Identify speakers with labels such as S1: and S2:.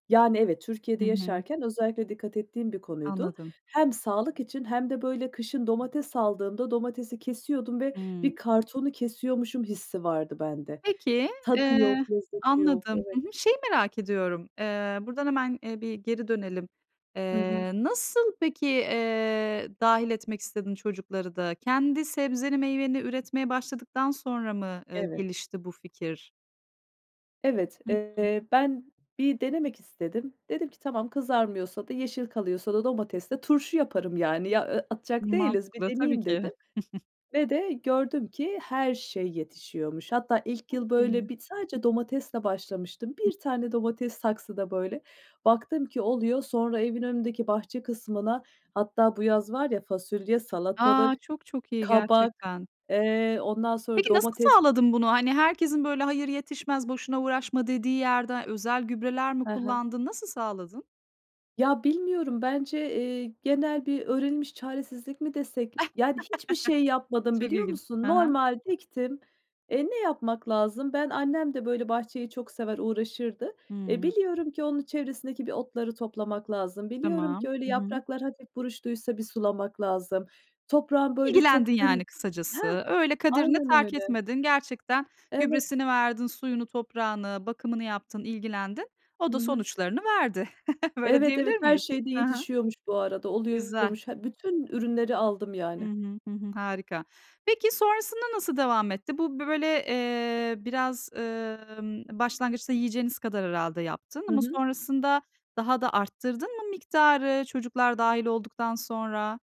S1: Yani, evet.
S2: Hı
S1: Türkiye'de
S2: hı.
S1: yaşarken özellikle dikkat ettiğim bir konuydu.
S2: Anladım.
S1: Hem sağlık için hem de, böyle, kışın domates aldığımda domatesi kesiyordum ve
S2: Hımm.
S1: bir kartonu kesiyormuşum hissi vardı bende.
S2: Peki.
S1: Tadı
S2: Eee,
S1: yok, lezzeti yok
S2: anladım,
S1: Evet.
S2: hı hı. Şeyi merak ediyorum. Eee, buradan hemen, ııı, bir geri dönelim.
S1: Hı hı.
S2: Eee, nasıl peki, eee, dâhil etmek istedin çocukları da? Kendi sebzeni, meyveni üretmeye başladıktan sonra mı, ııı,
S1: Evet.
S2: gelişti bu fikir?
S1: Evet,
S2: Hı hı.
S1: eee, ben bir denemek istedim. Dedim ki: "Tamam, kızarmıyorsa da yeşil kalıyorsa da domates ile turşu yaparım, yani. Ya, ı atacak değiliz, bir
S2: Mantıklı, tabii
S1: deneyeyim."
S2: ki.
S1: dedim ve de gördüm ki her şey yetişiyormuş. Hatta ilk
S2: Çok
S1: yıl,
S2: iyi.
S1: böyle, bir sadece domatesle başlamıştım. 1
S2: [unintelligible]
S1: tane domates saksıda, böyle, baktım ki oluyor. Sonra evin önündeki bahçe kısmına Hatta bu yaz var ya fasulye,
S2: A,
S1: salatalık,
S2: çok çok iyi
S1: kabak,
S2: gerçekten.
S1: eee, ondan sonra
S2: Peki, nasıl
S1: domates
S2: sağladın bunu? Hani, herkesin, böyle, "Hayır yetişmez, boşuna uğraşma!" dediği yerden özel gübreler mi
S1: Hı hı.
S2: kullandın? Nasıl sağladın?
S1: Ya, bilmiyorum bence, eee, genel bir öğrenilmiş çaresizlik mi desek? Yani, hiçbir şey yapmadım
S2: Çok
S1: biliyor
S2: ilginç.
S1: musun?
S2: Hı hı.
S1: Normal diktim. Eee, ne yapmak lazım? Ben annem de, böyle, bahçeyi çok sever, uğraşırdı. Eee,
S2: Hımm.
S1: biliyorum ki onun çevresindeki bir otları toplamak lazım. Biliyorum
S2: Tamam.
S1: ki öyle
S2: Hı hı.
S1: yapraklar hafif buruştuysa bir sulamak lazım. Toprağı, böyle,
S2: İlgilendin,
S1: çok düm
S2: yani,
S1: Heh,
S2: kısacası. Öyle kaderine
S1: aynen
S2: terk
S1: öyle.
S2: etmedin. Gerçekten
S1: Evet.
S2: gübresini verdin, suyunu, toprağını, bakımını yaptın, ilgilendin. O
S1: Hı
S2: da
S1: hı.
S2: sonuçlarını verdi. Öyle
S1: Evet,
S2: diyebilir
S1: evet. Her
S2: miyiz?
S1: şey de
S2: Hı hı.
S1: yetişiyormuş bu arada.
S2: Güzel.
S1: Oluyormuş. He, bütün ürünleri aldım,
S2: Hı
S1: yani.
S2: hı, hı hı. Harika. Peki, sonrasında nasıl devam etti? Bu, b böyle, eee, biraz, ımm, başlangıçta yiyeceğiniz kadar herhâlde yaptın
S1: Hı
S2: ama
S1: hı.
S2: sonrasında daha da arttırdın mı miktarı, çocuklar dâhil olduktan sonra?